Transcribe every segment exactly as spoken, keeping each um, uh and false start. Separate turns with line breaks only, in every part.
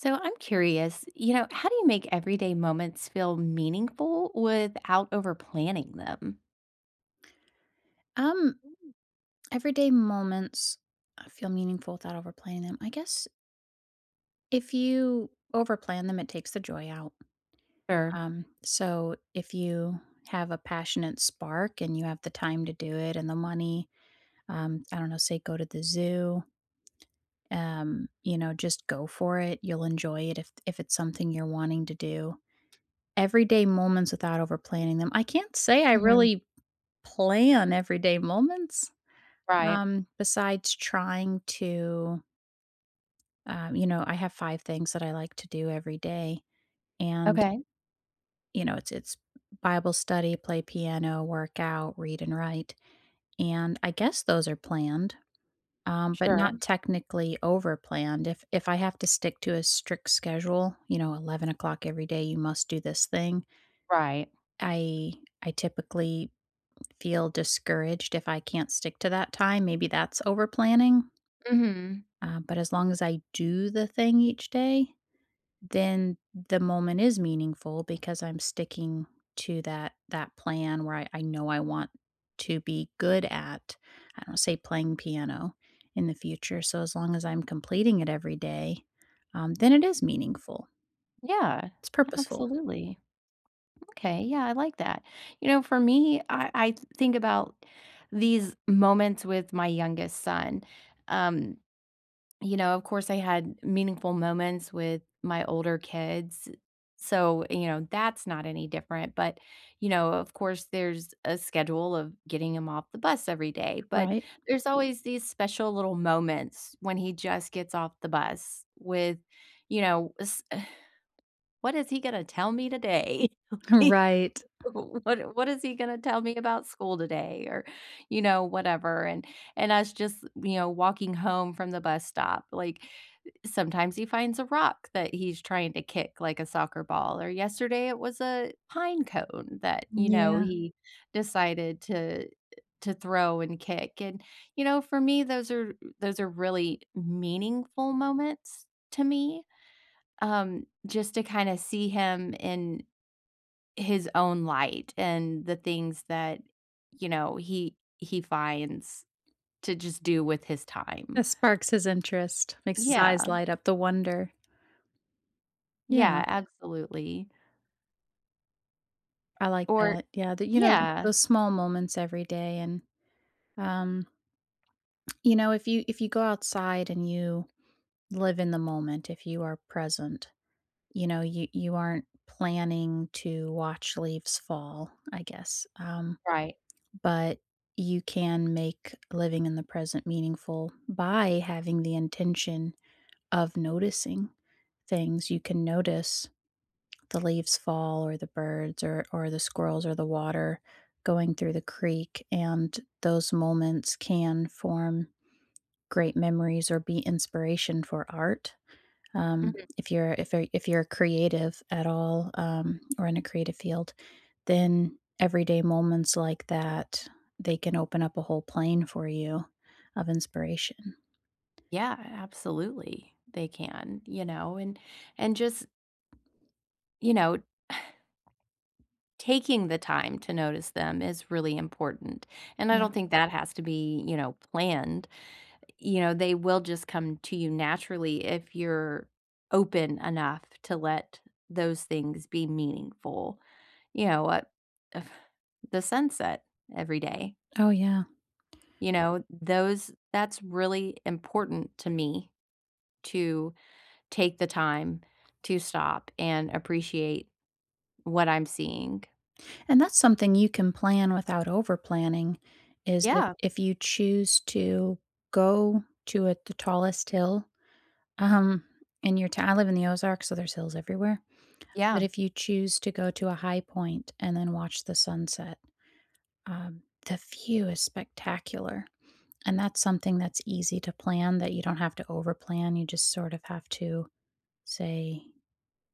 So, I'm curious, you know, how do you make everyday moments feel meaningful without over-planning them?
Um everyday moments I feel meaningful without overplaying. I guess if you overplan them, it takes the joy out.
Sure.
Um So if you have a passionate spark and you have the time to do it and the money, um, I don't know, say go to the zoo um, you know, just go for it, you'll enjoy it if if it's something you're wanting to do. Everyday moments without overplanning them, I can't say I
Mhm.
really plan everyday moments,
Right.
um, besides trying to um, you know, I have five things that I like to do every day. And
Okay.
you know, it's it's bible study, play piano, workout, read and write. And I guess those are planned, um, but
Sure.
not technically overplanned, if if I have to stick to a strict schedule, you know, eleven o'clock every day, you must do this thing
Right.
I I typically feel discouraged if I can't stick to that time, maybe that's over planning.
Mhm.
Uh, but as long as I do the thing each day, then the moment is meaningful because I'm sticking to that that plan where I I know I want to be good at, I don't say playing piano, in the future. So, as long as I'm completing it every day, then it is meaningful.
Yeah,
It's purposeful.
absolutely. Okay, yeah, I like that. You know, for me, I I think about these moments with my youngest son, um You know, of course, I had meaningful moments with my older kids, so, you know, that's not any different. But, you know, of course, there's a schedule of getting him off the bus every day. But
Right.
there's always these special little moments when he just gets off the bus with, you know, s "What is he gonna tell me today?" Like,
Right.
"What what is he gonna tell me about school today," or, you know, whatever? And and us just, you know, walking home from the bus stop, like, sometimes he finds a rock that he's trying to kick like a soccer ball, or yesterday, it was a pine cone that, you know,
Yeah.
he decided to to throw and kick, and, you know, for me, those are those are really meaningful moments to me, um, just to kinda see him in his own light and the things that, you know, he he finds to just do with his time.
This sparks his interest, makes his eyes
Yeah.
light up, the wonder.
Yeah.
Yeah.
Absolutely.
I like
Or
that, yeah, the you know,
Yeah.
those small moments every day and, um you know, if you if you go outside and you live in the moment, if you are present, you know, you you aren't planning to watch leaves fall, I guess, um.
Right.
But you can make living in the present meaningful by having the intention of noticing things, you can notice the leaves fall or the birds or or the squirrels or the water going through the creek, and those moments can form great memories or be inspiration for art. Um,
Mhm.
if you're if you're if you're creative at all, um, or in a creative field, then everyday moments like that, they can open up a whole plane for you of inspiration.
Yeah, absolutely, they can, you know? And and just you know taking the time to notice them is really important. And I
Yeah.
don't think that has to be, you know, planned. You know, they will just come to you naturally if you're open enough to let those things be meaningful, you know, uh, uh, the sunset every day.
Oh, yeah.
You know, those that's really important to me to take the time to stop and appreciate what I'm seeing.
And that's something you can plan without overplanning is if
Yeah.
if you choose to go to a the tallest hill, um, in your tow I live in the Ozarks, so there's hills everywhere. But
Yeah.
if you choose to go to a high point and then watch the sunset, um, the view is spectacular. And that's something that's easy to plan that you don't have to overplan, you just sort of have to say,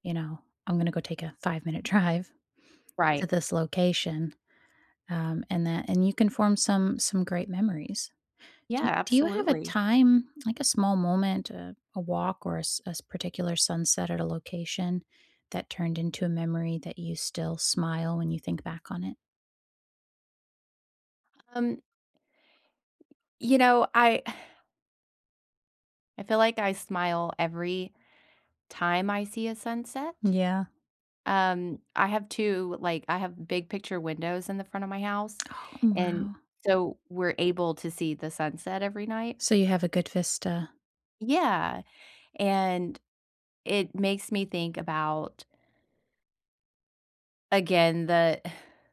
you know, "I'm gonna go take a five minute drive to
Right.
this location," um, and that and you can form some some great memories. Do
Yeah,
y do you have a
absolutely.
time, like a small moment, uh, a walk or a s a s particular sunset at a location that turned into a memory that you still smile when you think back on it?
Um You know, I I feel like I smile every time I see a sunset.
Yeah.
Um, I have two, like I have big picture windows in the front of my house,
Oh, m
and
wow.
so we're able to see the sunset every night.
So you have a good vista.
Yeah. And it makes me think about again, the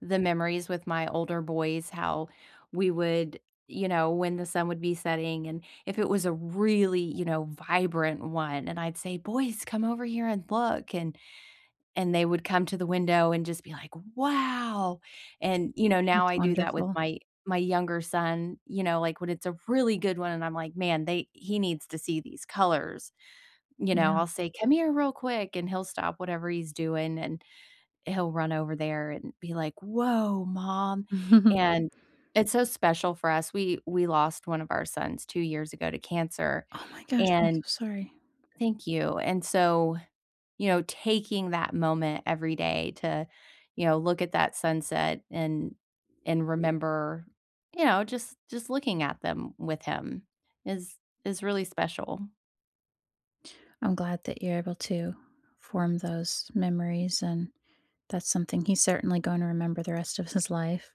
the memories with my older boys, how we would, you know, when the sun would be setting and if it was a really, you know, vibrant one and I'd say, "Boys, come over here and look," and and they would come to the window and just be like, "Wow!" and, you know, now
It's
I do that with
wonderful.
my my younger son, you know, like, when it's a really good one and I'm like, "Man, they he needs to see these colors." You know,
Yeah.
I'll say, "Come here real quick," and he'll stop whatever he's doing, and he'll run over there and be like, "Woah, mom," and it's so special for us. We we lost one of our sons two years ago to cancer
Oh my gosh, I'm so
and
sorry.
Thank you. And so, you know, taking that moment every day to, you know, look at that sunset and and remember, you know, just just looking at them with him is is really special.
I'm glad that you're able to form those memories, and that's something he's certainly gonna remember the rest of his life,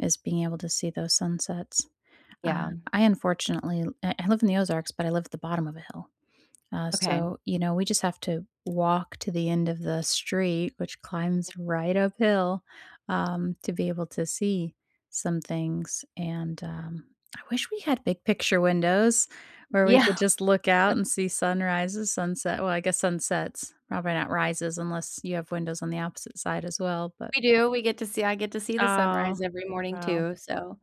is being able to see those sunsets. Uh,
Yeah.
I unfortunately l I live in the Ozarks, but I live at the bottom of a hill. Uh,
Okay.
so, you know, we just have to walk to the end of the street, which climbs right uphill, um, to be able to see some things, and, um, I wish we had big picture windows where we could
Yeah.
just look out and see sunrises, sunset well, I guess sunsets. Probably not rises unless you have windows on the opposite side as well. But
We do, we get to see I get to see the
Oh,
sunrise every morning,
wow.
too, so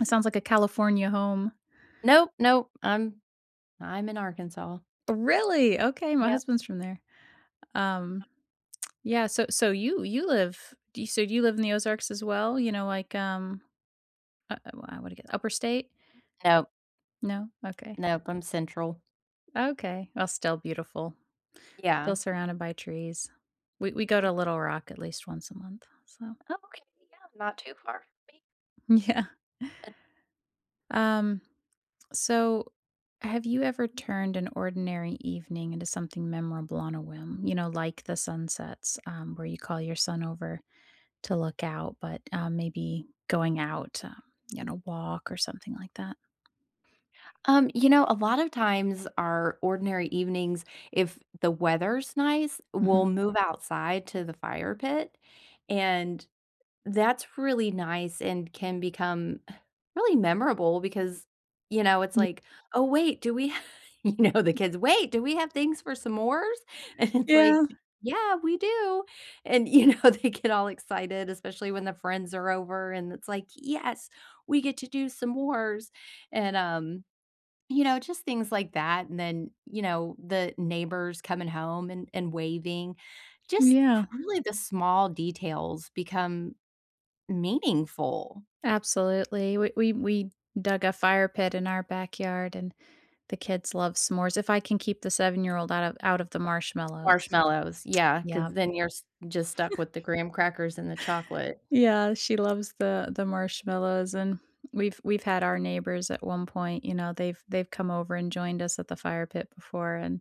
It sounds like a California home.
Nope, nope. I'm I'm in Arkansas.
Really? Okay, my
Yep.
husband's from there. Um, yeah, so so you you live do you so do you live in the Ozarks as well? You know, like, um, uh uh, why I woulda get li upper state?
Nope.
No? Okay.
Nope, I'm central.
Okay. Well, still beautiful. Still
Yeah.
surrounded by trees. We we go
Mhm.
to Little Rock at least once a month, so
Okay, yeah, not too far from me.
M yeah. Um, so have you ever turned an ordinary evening into something memorable on a whim? You know, like the sunsets, um, where you call your son over to look out, but, uh, maybe going out to, you know, walk or something like that.
Um, you know, a lot of times our ordinary evenings, if the weather's nice, we'll
Mhm.
move outside to the fire pit, and that's really nice and can become, uh, really memorable, because, you know, it's
Y
like, "Oh, wait, do we ha" you know, the kids, "Wait, do we have things for s'mores?" and it's like,
Yeah.
"Yeah, we do." and, you know, they get all excited, especially when the friends are over, and it's like, "Yes. We get to do s'mores." and, um, you know, just things like that and then, you know, the neighbors coming home and and waving. Just
Yeah.
really the small details become meaningful.
Absolutely, we we we dug a fire pit in our backyard and the kids love s'mores, if I can keep the seven year old out of out of the marshmallows.
Marshmallows. Yeah. 'Cause
Yep.
then you're s just stuck with the graham crackers and the chocolate.
Yeah, she loves the the marshmallows, and we've we've had our neighbors at one point, you know, they've they've come over and joined us at the fire pit before, and,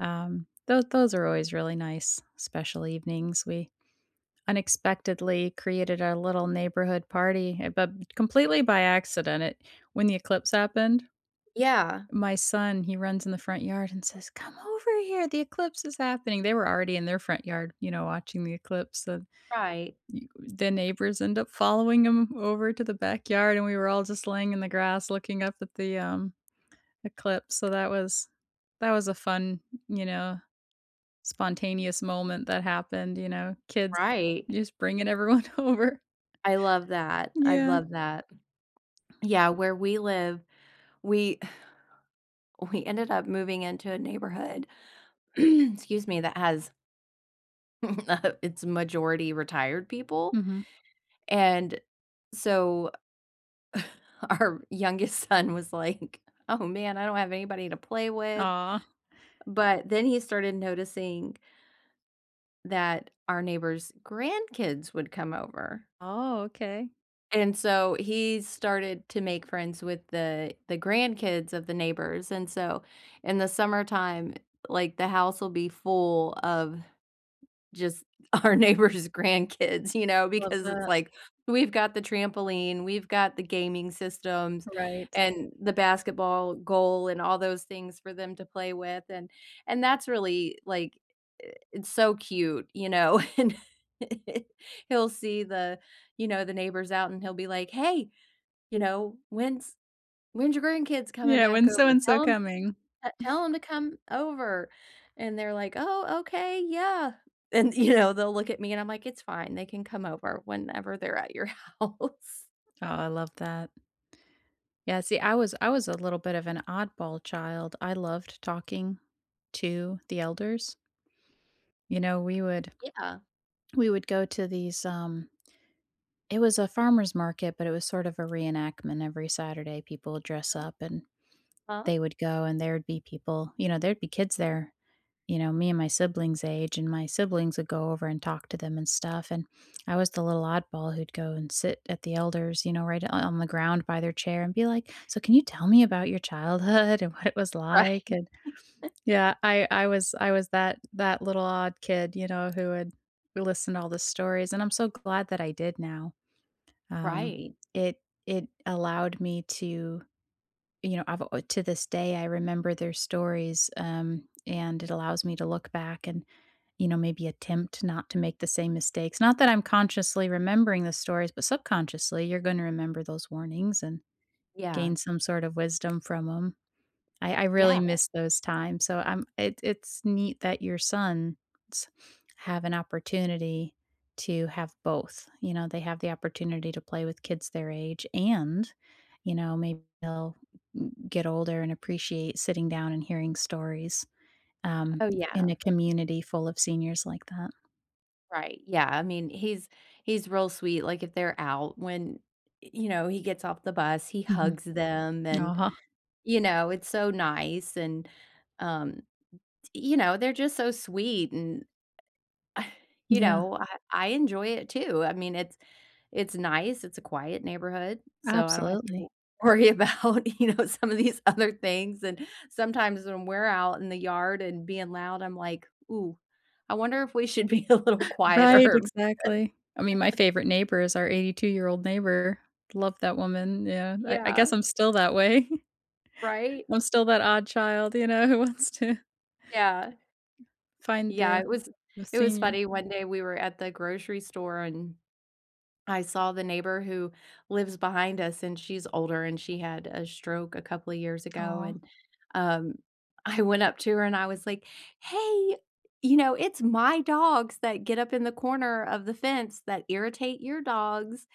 um, tho those are always really nice, special evenings. We unexpectedly created our little neighborhood party, ha but completely by accident, it When the eclipse happened
Yeah.
my son, he runs in the front yard and says, "Come over here, the eclipse is happening." They were already in their front yard, you know, watching the eclipse, so
Right.
you the neighbors end up following him over to the backyard, and we were all just laying in the grass looking up at the, um, eclipse, so that was that was a fun, you know, spontaneous moment that happened, you know, kids
Right.
just bringing everyone over.
I love that. I
Yeah.
love that. Yeah, where we live, we uh, we ended up moving into a neighborhood, excuse me, that has Uh, it's majority retired people,
Mhm.
and, so our youngest son was like, "Oh, man, I don't have anybody to play with."
Aw.
But then he started noticing that our neighbors' grandkids would come over.
Oh, okay.
And so, he started to make friends with the the grandkids of the neighbors and so, in the summertime, like, the house will be full of just our neighbors' grandkids, you know,
Love
because it's
that.
like, we've got the trampoline, we've got the gaming systems
Right.
and the basketball goal and all those things for them to play with and and that's really like eh, it's so cute, you know? And he'll see the you know, the neighbors out, and he'll be like, "Hey, you know, when's when's your grandkids coming
Yeah,
back
when's
over?
so-and-so
Tell 'em
coming.
that te tell 'em to come over." And they're like, "Oh, okay, yeah." And, you know, they'll look at me, and I'm like, "It's fine. They can come over whenever they're at your house."
Oh, I love that. Yeah, see, I was I was a little bit of an oddball child; I loved talking to the elders. You know, we would
Yeah.
we would go to these, um it was a farmer's market, but it was sort of a reenactment. Every Saturday, people would dress
Uh-huh.
up and
Huh?
they would go, and there'd be people you know, there'd be kids there, you know, me and my siblings' age, and my siblings would go over and talk to them and stuff and I was the little oddball who'd go and sit at the elders, you know, right o on the ground by their chair and be like, "So can you tell me about your childhood and what it was like?"
Right.
And Yeah, I I was I was that that little odd kid, you know, who would listen to all the stories, and I'm so glad that I did now. Um,
Right.
it it allowed me to you know, I've al to this day, I remember their stories, um, and it allows me to look back and, you know, maybe attempt not to make the same mistakes. Not that I'm consciously remembering the stories, but subconsciously, you're gonna remember those warnings and
Yeah.
gain some sort of wisdom from 'em. I I really
Yeah.
miss those times, so I'm it it's neat that your sons have an opportunity to have both, you know? They have the opportunity to play with kids their age and, you know, may they'll m get older and appreciate sitting down and hearing stories, um,
Oh,
in
yeah.
a community full of seniors like that.
Right, yeah, I mean, he's he's real sweet, like, if they're out when, y you know, he gets off the bus, he
Mhm.
hugs them, and,
Aw.
you know, it's so nice, and, um, t you know, they're just so sweet, and, you
Yeah.
know, I I enjoy it too, I mean, it's it's nice, it's a quiet neighborhood, so I don't have to w
Absolutely.
worry about, you know, some of these other things, and sometimes when we're out in the yard and being loud, I'm like, "Ooh, I wonder if we should be a little
Right,
quieter?“
exactly. I mean, my favorite neighbor is our eighty-two-year-old neighbor. Love that woman yeah, I I
Yeah.
guess I'm still that way.
Right?
I'm still that odd child, you know, who wants to
Yeah.
find
Yeah,
the
it was
the
it was
senior.
funny, one day, we were at the grocery store, and I saw the neighbor who lives behind us, and she's older, and she had a stroke a couple years ago,
Aw.
and, um, I went up to her, and I was like, "Hey, you know, it's my dogs that get up in the corner of the fence that irritate your dogs,"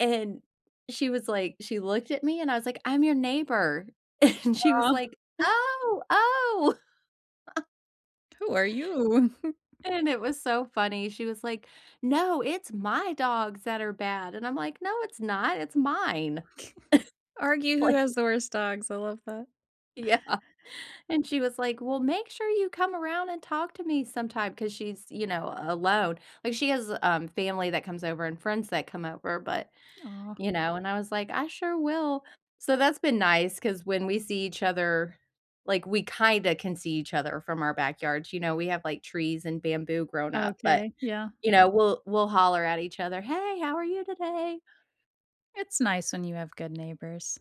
and, she was like she looked at me, and I was like, "I'm your neighbor," and she was
Aw.
like, "Oh! Oh!"
"Who are you?"
And it was so funny. She was like, "No, it's my dogs that are bad," and I'm like, "No, it's not, it's mine."
Argue who
Like
has the worst dogs, I love that.
Yeah, and she was like, "Well, make sure you come around and talk to me sometime" 'cause she's, you know, a alone, like, she has, um, family that comes over and friends that come over, but
Aw.
you know? And, I was like, "I sure will." So, that's been nice 'cause when we see each other, like, we kinda can see each other from our backyards, you know, we have, like, trees and bamboo growing up, but,
Okay, yeah.
you know, we'll we'll holler at each other, "Hey, how are you today?"
It's nice when you have good neighbors.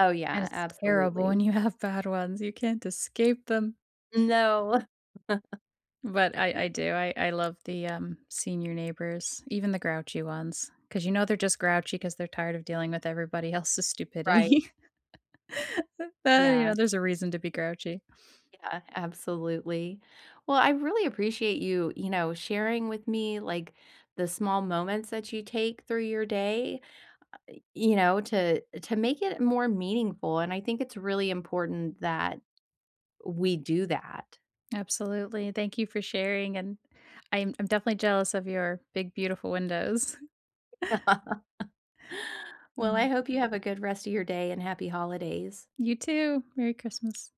Oh,
And
yeah,
it's terrible when
absolutely.
you have bad ones, you can't escape them.
No.
But, I I do, I I love the, um, senior neighbors, even the grouchy ones, 'cause, you know, they're just grouchy 'cause they're tired of dealing with everybody else's
Right.
stupidity. Uh, you
Yeah.
know, there's a reason to be grouchy.
Yeah, absolutely. Well, I really appreciate you, you know, sharing with me, like, the small moments that you take through your day, uh, you know, to to make it more meaningful and I think it's really important that we do that.
Absolutely, thank you for sharing, and I'm I'm definitely jealous of your big, beautiful windows.
Well, I
Mhm.
hope you have a good rest of your day, and happy holidays.
You too, Merry Christmas.